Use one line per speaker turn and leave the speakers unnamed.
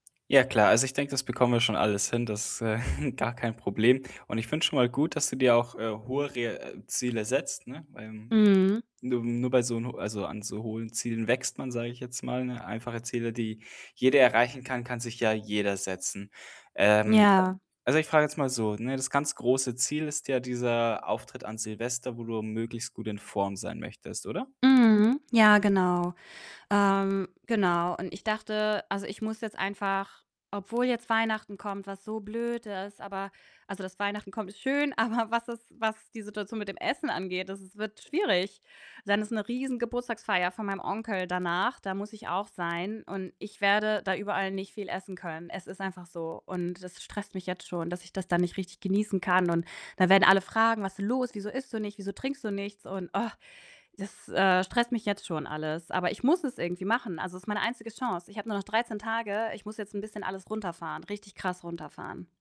Ja klar, also ich denke, das bekommen wir schon alles hin. Das, äh, gar kein Problem und ich finde schon mal gut, dass du dir auch, äh, hohe re äh, Ziele setzt, ne, weil,
Mhm.
nur nur bei so 'n ho also, an so hohen Zielen wächst man, sage ich jetzt mal, ne? Einfache Ziele, die jeder erreichen kann, kann sich ja jeder setzen. Ähm, äh,
Ja.
also ich frage jetzt mal so, ne: Das ganz große Ziel ist ja dieser Auftritt an Silvester, wo du möglichst gut in Form sein möchtest, oder?
Mhm, ja, genau. Ähm, genau und ich dachte also, ich muss jetzt einfach, obwohl jetzt Weihnachten kommt, was so blöd ist, aber also, dass Weihnachten kommt, ist schön, aber was es was die Situation mit dem Essen angeht, das es wird schwierig. Dann ist 'ne riesen Geburtstagsfeier von meinem Onkel danach, da muss ich auch sein und ich werde da überall nicht viel essen können. Es ist einfach so und das stresst mich jetzt schon, dass ich das dann nicht richtig genießen kann, und da werden alle fragen: „Was denn los? Wieso isst du nicht? Wieso trinkst du nichts?“ Und das, äh, stresst mich jetzt schon alles. Aber ich muss es irgendwie machen, also, ist meine einzige Chance. Ich habe nur noch 13 Tage. Ich muss jetzt 'n bisschen alles runterfahren, richtig krass runterfahren.